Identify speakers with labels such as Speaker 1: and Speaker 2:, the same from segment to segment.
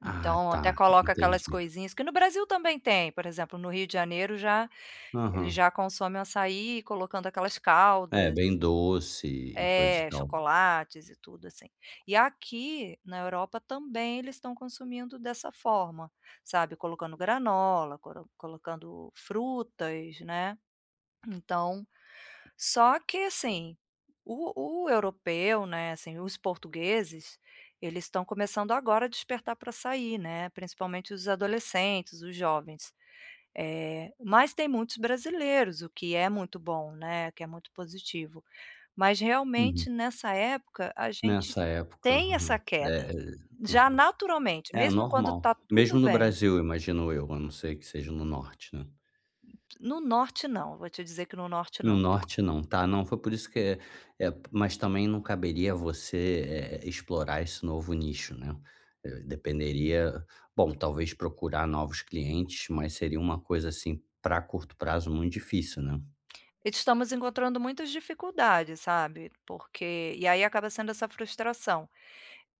Speaker 1: Ah,
Speaker 2: Então, até
Speaker 1: tá,
Speaker 2: coloca
Speaker 1: entendi.
Speaker 2: aquelas coisinhas que no Brasil também tem, por exemplo, no Rio de Janeiro já eles
Speaker 1: Aham.
Speaker 2: já consomem açaí colocando aquelas
Speaker 1: É,
Speaker 2: caldas.
Speaker 1: bem doce e coisa e
Speaker 2: É,
Speaker 1: tal.
Speaker 2: chocolates e tudo, assim. E aqui na Europa, também, eles estão consumindo dessa forma. Sabe, colocando granola, coro colocando frutas, né. Então, só que assim, o o europeu, né, assim, os portugueses, eles estão começando agora a despertar pra açaí, né, principalmente os adolescentes, os jovens. Eh, mas tem muitos brasileiros, o que é muito bom, né, o que é muito positivo. Mas,
Speaker 1: Uhum.
Speaker 2: realmente, nessa época, a gente
Speaker 1: Nessa época,
Speaker 2: tem essa
Speaker 1: aham. É,
Speaker 2: queda,
Speaker 1: e
Speaker 2: já
Speaker 1: Aham.
Speaker 2: naturalmente,
Speaker 1: É,
Speaker 2: mesmo quando
Speaker 1: normal.
Speaker 2: está
Speaker 1: Mesmo
Speaker 2: tudo
Speaker 1: no
Speaker 2: bem.
Speaker 1: Brasil, imagino eu, a não ser que seja no norte, né?
Speaker 2: No norte, não. Vou te dizer que no norte
Speaker 1: No
Speaker 2: não, por
Speaker 1: norte não. Tá. Não foi por isso que é é Mas também não caberia a você, eh, explorar esse novo nicho, né. Eh, dependeria bom, talvez procurar novos clientes, mas seria uma coisa, assim, pra curto prazo, muito difícil, né?
Speaker 2: Estamos encontrando muitas dificuldades, sabe. Porque E aí, acaba sendo essa frustração.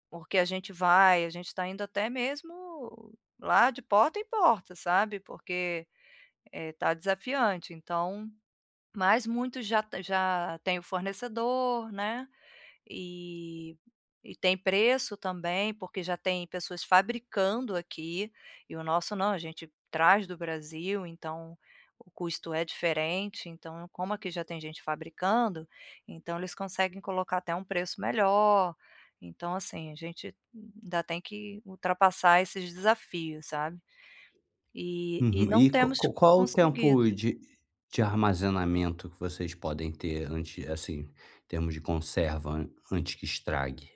Speaker 2: Porque a gente vai, a gente está indo até mesmo lá de porta em porta, sabe? Porque, eh, está desafiante, então Mas muitos já t já têm o fornecedor, né, eh, e tem preço também, porque já tem pessoas fabricando aqui. E o nosso não; a gente traz do Brasil, então o custo é diferente. Então, como aqui já tem gente fabricando, então eles conseguem colocar até um preço melhor. Então, assim, a gente ainda tem que ultrapassar esses desafios, sabe. E e
Speaker 1: Uhum,
Speaker 2: não
Speaker 1: e qua
Speaker 2: temos
Speaker 1: qua qual o
Speaker 2: conseguido.
Speaker 1: tempo de de armazenamento que vocês podem ter antes assim, termos de conserva an antes que estrague?